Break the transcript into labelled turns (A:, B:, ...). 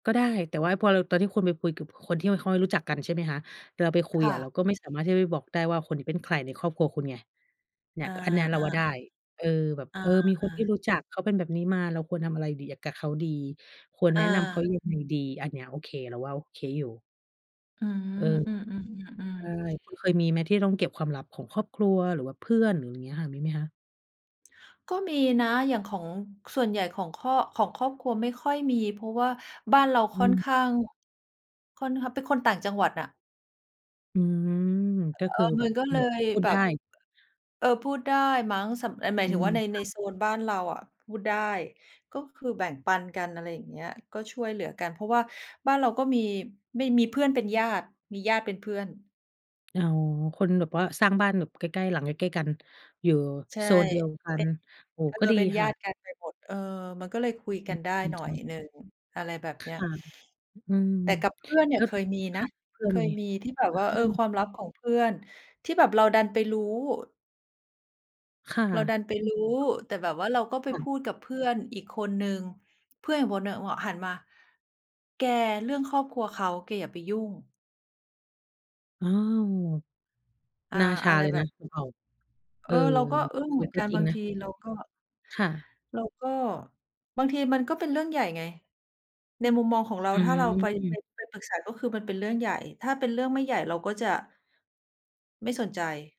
A: ก็ได้ แต่พอเรา ตอนที่คุณไปคุยกับคนที่ไม่ค่อยรู้จักกัน ใช่ไหมคะ เราไปคุ
B: ค
A: ย
B: ่
A: อะ
B: ะ
A: เราก็ไม่สามารถที่จะบอกได้ว่าคนนี้เป็นใครในครอบครัวคุณไง เนี่
B: อ
A: ย
B: า
A: อันนี้
B: ๆ
A: เราว่าได
B: ๆ
A: ้ เออ แบบ
B: อา
A: เออ มีคนที่
B: ๆ
A: รู้จักเขาเป็นแบบนี้มา เราควรทำอะไรดี กับเขาดี ควรแ
B: อ
A: นะนำเขา
B: า
A: ยังไงดี อันเนี้ยโอเค เราว่าโอเคอยู่
B: อื
A: เออ
B: ม อืม
A: ใช
B: ๆ
A: ่
B: ๆ ๆ
A: คุณเคยมีไหมที่ต้องเก็บความลับของครอบครัวหรือว่าเพื่อนอย่างนี้ค่ะ? มีไหมคะ?
B: ก็มีนะ อย่างของ ส่วนใหญ่ของครอบ ของครอบครัวไม่ค่อยมี เพราะว่าบ้านเรา
A: อ
B: ค่อน
A: ือ
B: ข้าง ค่อนข้าง เป็นคนต่างจังหวัดอะ
A: อือ ก็
B: เอ
A: คือ
B: อ
A: แ
B: ม
A: บ
B: ัน
A: บ
B: ก็เ
A: ห
B: ล
A: มวก
B: ย
A: พูด
B: แบ
A: ได
B: บ
A: ้
B: เออ พูดได้มั้ง สำ หมา
A: อื
B: ยถึง
A: อ
B: ว่าใน
A: ค
B: ใน
A: ่ะ
B: โซนบ้านเราอะพูดได้ ก็คือแบ่งปันกัน อะไรอย่างเงี้ย ก็ช่วยเหลือกัน เพราะว่าบ้านเราก็มี ไม่มีเพื่อนเป็นญาติ มีญาติเป็นเพื่อน
A: อ๋อ คนแบบว่าสร้างบ้านแบบใกล้ ๆ หลังใกล้ ๆ กัน อยู่
B: ใช่
A: โซนเดียวกั
B: เป็
A: น
B: น
A: โอ้โฮ
B: เออ
A: ก็ดี
B: เป็น
A: ค
B: ญา
A: ่ะ
B: ติกันไปหมด เออ มันก็เลยคุย
A: อื
B: กัน
A: ม
B: ได้
A: ดี
B: หน่
A: จ
B: อ
A: ั
B: ย
A: ง
B: หนึ่ง อะไรแบบ
A: ค
B: เนี้ย
A: ่ะ อืม
B: แต่กับเพื่อนเนี
A: แ
B: ่
A: ล
B: ย
A: ้ว
B: เคยมี
A: ค
B: นะ
A: ่ะ เพื่
B: เ
A: อ
B: ค
A: มี
B: ยมี
A: อ
B: ที่แบบว่า เออ ค
A: า
B: วามลับของเพื่อนที่แบบเราดันไปรู้
A: ค่ะ
B: เราดันไปรู้ แต่แบบว่า เราก็ไป
A: ค่
B: พ
A: ะ
B: ูดกับเพื่อนอีกคนหนึ่ง เพื่อนอีกคนหนึ่ง อ หันมา "แก เรื่องครอบครัวเขา แกอย่าไปยุ่ง"
A: อ้าว
B: อา
A: หน้าช
B: อ
A: า
B: ะไร
A: เลย
B: แบ
A: นะ
B: บ
A: พวกเรา
B: เ
A: เ
B: อ
A: ออ
B: อ เราก็อึ้ง
A: เอ
B: เห
A: อ
B: มือน
A: ก็
B: กัน
A: จร
B: บ
A: ิง
B: าง
A: น
B: ท
A: ะ
B: ีเราก็
A: ค่ะ
B: เราก็ บางทีมันก็เป็นเรื่องใหญ่ไง ในมุมมองของเรา
A: อื
B: ถ้าเราไป ไ
A: อ
B: ป ไปปรึกษา ก็คือมันเป็นเรื่องใหญ่ ถ้าเป็นเรื่องไม่ใหญ่เราก็จะ ไม่สนใจ